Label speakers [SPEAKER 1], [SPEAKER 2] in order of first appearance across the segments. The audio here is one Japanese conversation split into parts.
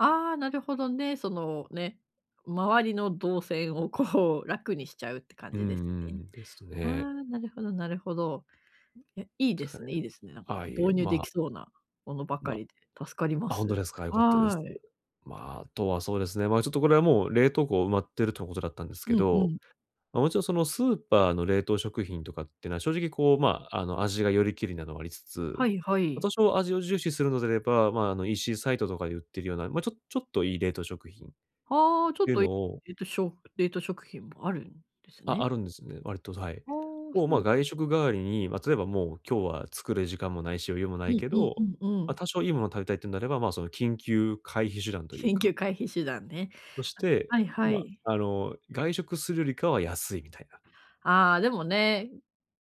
[SPEAKER 1] ああ、なるほどね、そのね、周りの動線をこう楽にしちゃうって感
[SPEAKER 2] うんう
[SPEAKER 1] じですね。
[SPEAKER 2] ん、です
[SPEAKER 1] あ
[SPEAKER 2] ね。
[SPEAKER 1] あ、なるほどなるほど。
[SPEAKER 2] で
[SPEAKER 1] いや、いい
[SPEAKER 2] す
[SPEAKER 1] で
[SPEAKER 2] か
[SPEAKER 1] す
[SPEAKER 2] ね。
[SPEAKER 1] ねいいですね、なん
[SPEAKER 2] あ
[SPEAKER 1] か
[SPEAKER 2] あ、いえ、
[SPEAKER 1] 導入で
[SPEAKER 2] まあ。
[SPEAKER 1] きそうなものばか
[SPEAKER 2] ま、
[SPEAKER 1] りで、助かりま
[SPEAKER 2] あ、ほんと
[SPEAKER 1] す。
[SPEAKER 2] ですか、よかったで
[SPEAKER 1] は
[SPEAKER 2] す。
[SPEAKER 1] い。
[SPEAKER 2] ま、あとはそうですね、ま、ちょっとこれはもう冷凍庫埋まってるということだったんですけ
[SPEAKER 1] うんう
[SPEAKER 2] ど、
[SPEAKER 1] ん。
[SPEAKER 2] ま、もちろんそのスーパーの冷凍食品とかってのは、正直こう、ま、あの、味がよりけりなのはありつつ、
[SPEAKER 1] はいは
[SPEAKER 2] ま、多
[SPEAKER 1] い。
[SPEAKER 2] 少味を重視するのであれば、ま、あの、EC サイトとかで売ってるような、ま、ちょっちょっといい冷凍食品っ
[SPEAKER 1] ああ、ちょっ
[SPEAKER 2] ていう
[SPEAKER 1] と、え
[SPEAKER 2] のを。
[SPEAKER 1] っと、しょ冷凍食品もあるんです
[SPEAKER 2] あ、
[SPEAKER 1] ね？
[SPEAKER 2] あるんですね、割と、はい。
[SPEAKER 1] ああ、
[SPEAKER 2] もう、
[SPEAKER 1] そ
[SPEAKER 2] ま、
[SPEAKER 1] う。
[SPEAKER 2] 外食代わりに、ま、例えばもう今日は作る時間もないし、余裕もな
[SPEAKER 1] う
[SPEAKER 2] い
[SPEAKER 1] ん
[SPEAKER 2] け
[SPEAKER 1] うん
[SPEAKER 2] ど、
[SPEAKER 1] うんう
[SPEAKER 2] ま、
[SPEAKER 1] ん。
[SPEAKER 2] 多少いいものを食べたいっていうんであれば、ま、その緊急回避手段という
[SPEAKER 1] 緊
[SPEAKER 2] か
[SPEAKER 1] 急回避手段ね。
[SPEAKER 2] そして、
[SPEAKER 1] あ、はいは
[SPEAKER 2] ま、
[SPEAKER 1] い。
[SPEAKER 2] あの、外食するよりかは安いみたいな。
[SPEAKER 1] ああ、でもね、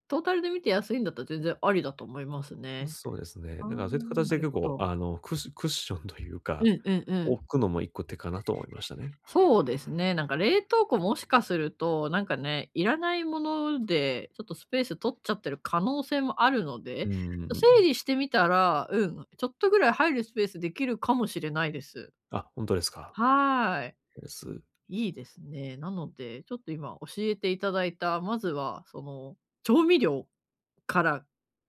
[SPEAKER 1] トータルで見て安いんだったら全然ありだと思いますね。
[SPEAKER 2] そうですね。
[SPEAKER 1] ああ、
[SPEAKER 2] だからそういった形
[SPEAKER 1] な
[SPEAKER 2] で
[SPEAKER 1] る
[SPEAKER 2] 結
[SPEAKER 1] ほ
[SPEAKER 2] 構、
[SPEAKER 1] ど。
[SPEAKER 2] あの、ククッションという
[SPEAKER 1] う
[SPEAKER 2] か、
[SPEAKER 1] んうんうん。
[SPEAKER 2] 置くのも1個手かなと思いましたね。
[SPEAKER 1] そうですね、なんか冷凍庫もしかすると、なんかね、いらないもので、ちょっとスペース取っちゃってる可能性もあるの
[SPEAKER 2] う
[SPEAKER 1] で、
[SPEAKER 2] ー
[SPEAKER 1] 整
[SPEAKER 2] ん。
[SPEAKER 1] 理してみたら、うん、ちょっとぐらい入るスペースできるかもしれないです。
[SPEAKER 2] あ、ほんとですか。
[SPEAKER 1] は
[SPEAKER 2] です。
[SPEAKER 1] い。いいですね、なので、ちょっと今教えて頂いた、まずはその調味料から、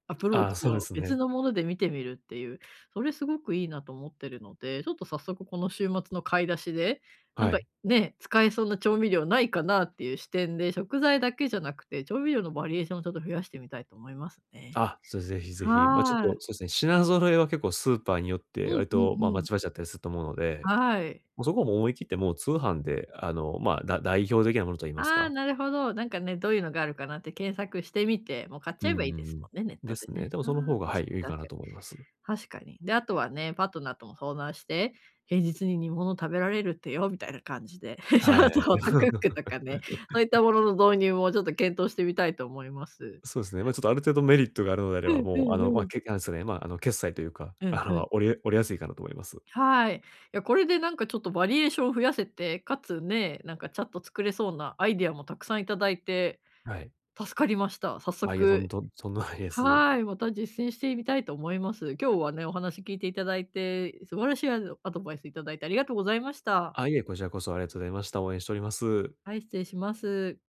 [SPEAKER 1] アプロー
[SPEAKER 2] ああ、
[SPEAKER 1] チ
[SPEAKER 2] そうで
[SPEAKER 1] を
[SPEAKER 2] す
[SPEAKER 1] 別
[SPEAKER 2] ね。
[SPEAKER 1] のもので見てみるっていう、それすごくいいなと思ってるので、ちょっと早速この週末の買い出しで、なん
[SPEAKER 2] は
[SPEAKER 1] か、
[SPEAKER 2] い。
[SPEAKER 1] ね、使えそうな調味料無いかなっていう視点で、食材だけじゃなくて、調味料のバリエーションをちょっと増やしてみたいと思いますね。
[SPEAKER 2] あ、そう、ぜひぜひ、ま、ちょっ
[SPEAKER 1] は
[SPEAKER 2] と
[SPEAKER 1] い。
[SPEAKER 2] そうですね、品揃えは結構スーパーによっ
[SPEAKER 1] う
[SPEAKER 2] て、割
[SPEAKER 1] んう
[SPEAKER 2] と、ま、
[SPEAKER 1] んう
[SPEAKER 2] ま
[SPEAKER 1] ん。
[SPEAKER 2] ちまちだったりすると思うので。
[SPEAKER 1] はい。
[SPEAKER 2] ま、そこも思い切って、もう通販で、あの、ま、だ代表的なものと言います
[SPEAKER 1] ああ、
[SPEAKER 2] か。
[SPEAKER 1] なるほど、なんかね、どういうのがあるかなって検索してみて、もう買っち
[SPEAKER 2] うー
[SPEAKER 1] ゃえばいいです
[SPEAKER 2] ん。
[SPEAKER 1] もんね、ネッ
[SPEAKER 2] で
[SPEAKER 1] トで
[SPEAKER 2] すね。
[SPEAKER 1] ね。
[SPEAKER 2] でも
[SPEAKER 1] ああ、
[SPEAKER 2] その方が、はい、
[SPEAKER 1] 確
[SPEAKER 2] 良い
[SPEAKER 1] かに
[SPEAKER 2] か
[SPEAKER 1] 確
[SPEAKER 2] な
[SPEAKER 1] かに。
[SPEAKER 2] と思います。
[SPEAKER 1] 確かに。で、あとはね、パートナーとも相談して、平日に煮物食べられるってよ、みたいな感じで、ち
[SPEAKER 2] は
[SPEAKER 1] ょっ
[SPEAKER 2] い。
[SPEAKER 1] とホットクックとかね、そういった ものの導入もちょっと検討してみたいと思います。
[SPEAKER 2] そうすね、ま、ちょっとある程度メリットがあるのであれ
[SPEAKER 1] ふ
[SPEAKER 2] ば、
[SPEAKER 1] んふ
[SPEAKER 2] もう、
[SPEAKER 1] ん
[SPEAKER 2] あ
[SPEAKER 1] ふ
[SPEAKER 2] の、ま
[SPEAKER 1] ん。
[SPEAKER 2] なんですかね、ま、あの、決済というか、
[SPEAKER 1] うん
[SPEAKER 2] あ
[SPEAKER 1] ふ
[SPEAKER 2] の、
[SPEAKER 1] ん。
[SPEAKER 2] おりおりやすいかなと思います。
[SPEAKER 1] はい、いや、これでなんかちょっとバリエーションを増やせて、かつ、ね、なんか、ちゃっと作れそうなアイデアもたくさんいただいて、
[SPEAKER 2] はい。
[SPEAKER 1] 助かりました。早
[SPEAKER 2] あ、いいえ、そん
[SPEAKER 1] 速。
[SPEAKER 2] とんそんないです。
[SPEAKER 1] はい、また実践してみたいと思います。今日はね、お話聞いていただいて、素晴らしいアドアドバイスいただいてありがとうございました。
[SPEAKER 2] あ、いえ、こちらこそありがとうございました。応援しております。
[SPEAKER 1] はい、失礼します。